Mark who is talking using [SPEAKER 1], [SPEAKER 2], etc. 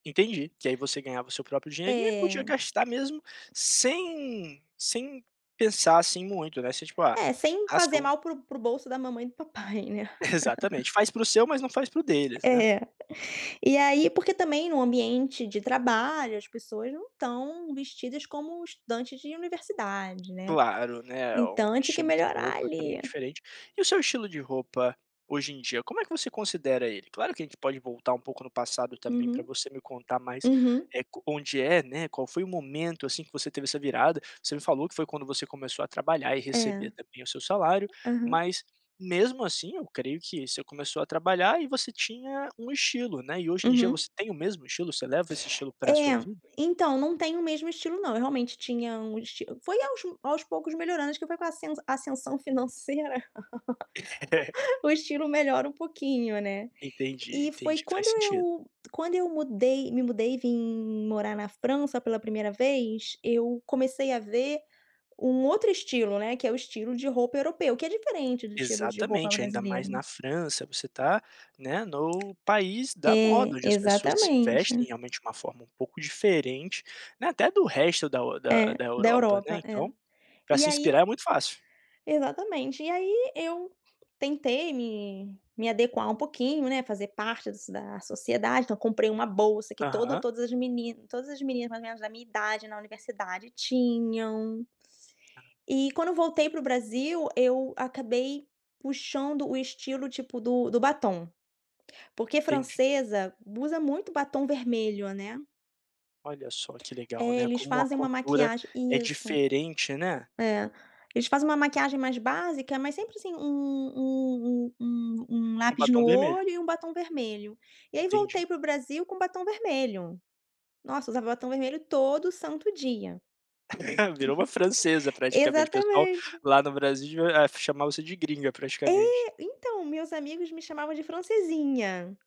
[SPEAKER 1] Entendi, que aí você ganhava o seu próprio dinheirinho e podia
[SPEAKER 2] É.
[SPEAKER 1] gastar mesmo sem sem pensar assim muito, né, você, tipo: "Ah,
[SPEAKER 2] É, sem
[SPEAKER 1] se
[SPEAKER 2] fazer
[SPEAKER 1] eu"
[SPEAKER 2] mal para o para o bolso da mamãe e do papai né?
[SPEAKER 1] Exatamente, faz para o seu, mas não faz para o deles né.
[SPEAKER 2] É. E aí, porque também no ambiente de trabalho as pessoas não estão vestidas como estudantes de universidade, né?
[SPEAKER 1] Claro, né, um
[SPEAKER 2] Então a gente quer
[SPEAKER 1] estilo de
[SPEAKER 2] melhorar
[SPEAKER 1] roupa
[SPEAKER 2] ali.
[SPEAKER 1] também diferente. E o seu estilo de roupa hoje em dia, como é que você considera ele? Claro que a gente pode voltar um pouco no passado também, para
[SPEAKER 2] Uhum,
[SPEAKER 1] você me contar mais
[SPEAKER 2] uhum.
[SPEAKER 1] co onde é, né. Qual foi o momento assim que você teve essa virada, você me falou que foi quando você começou a trabalhar e
[SPEAKER 2] É,
[SPEAKER 1] receber também o seu salário,
[SPEAKER 2] aham.
[SPEAKER 1] mas mesmo assim eu creio que você começou a trabalhar e você tinha um estilo, né, e hoje em dia
[SPEAKER 2] Uhum.
[SPEAKER 1] você tem o mesmo estilo? Você leva esse estilo para sua
[SPEAKER 2] É,
[SPEAKER 1] vida?
[SPEAKER 2] então não tenho o mesmo estilo não, eu realmente tinha um es foi aos aos poucos melhorando, acho que foi com a com a ascensão financeira.
[SPEAKER 1] É.
[SPEAKER 2] O estilo melhora um pouquinho, né?
[SPEAKER 1] Entendi,
[SPEAKER 2] E foi
[SPEAKER 1] entendi,
[SPEAKER 2] quando
[SPEAKER 1] faz sentido.
[SPEAKER 2] eu quando eu mudei me mudei e vim morar na França pela 1º vez, eu comecei a ver um outro estilo, né, que é o estilo de roupa europeu que é diferente do estilo de roupa
[SPEAKER 1] Exatamente, ainda mais
[SPEAKER 2] brasileiro.
[SPEAKER 1] na França. Você está, né, no país da moda,
[SPEAKER 2] É,
[SPEAKER 1] onde as pessoas se
[SPEAKER 2] exatamente.
[SPEAKER 1] vestem realmente de um forma um pouco diferente, até do resto da o da
[SPEAKER 2] É,
[SPEAKER 1] da
[SPEAKER 2] da
[SPEAKER 1] Europa, né.
[SPEAKER 2] Europa, é.
[SPEAKER 1] Então, para
[SPEAKER 2] E
[SPEAKER 1] se
[SPEAKER 2] aí
[SPEAKER 1] inspirar é muito fácil.
[SPEAKER 2] exatamente. E aí, eu tentei me me adequar um pouquinho, né, fazer parte das da sociedade. Então, comprei uma bolsa que todo
[SPEAKER 1] Aham.
[SPEAKER 2] todas as todas as meninas mais ou menos da minha idade na universidade tinham. E quando eu voltei para o Brasil, eu acabei puxando o estilo tipo do do batom. Porque
[SPEAKER 1] Entendi.
[SPEAKER 2] francesa usa muito batom vermelho, né?
[SPEAKER 1] Olha só que legal,
[SPEAKER 2] É,
[SPEAKER 1] né,
[SPEAKER 2] eles
[SPEAKER 1] como a
[SPEAKER 2] fazem uma
[SPEAKER 1] cultura
[SPEAKER 2] maquiagem
[SPEAKER 1] é
[SPEAKER 2] isso.
[SPEAKER 1] diferente, né?
[SPEAKER 2] É, eles fazem uma maquiagem mais básica, mas sempre assim um um um um um
[SPEAKER 1] Com
[SPEAKER 2] lápis no
[SPEAKER 1] batom vermelho.
[SPEAKER 2] olho e um batom vermelho. E aí,
[SPEAKER 1] Entendi.
[SPEAKER 2] voltei para o Brasil com batom vermelho. Nossa, usava batom vermelho todo santo dia.
[SPEAKER 1] Virou uma francesa praticamente, pessoal
[SPEAKER 2] Exatamente.
[SPEAKER 1] lá no Brasil devia é chamar você de gringa praticamente.
[SPEAKER 2] eÉ, então meus amigos me chamavam de francesinha.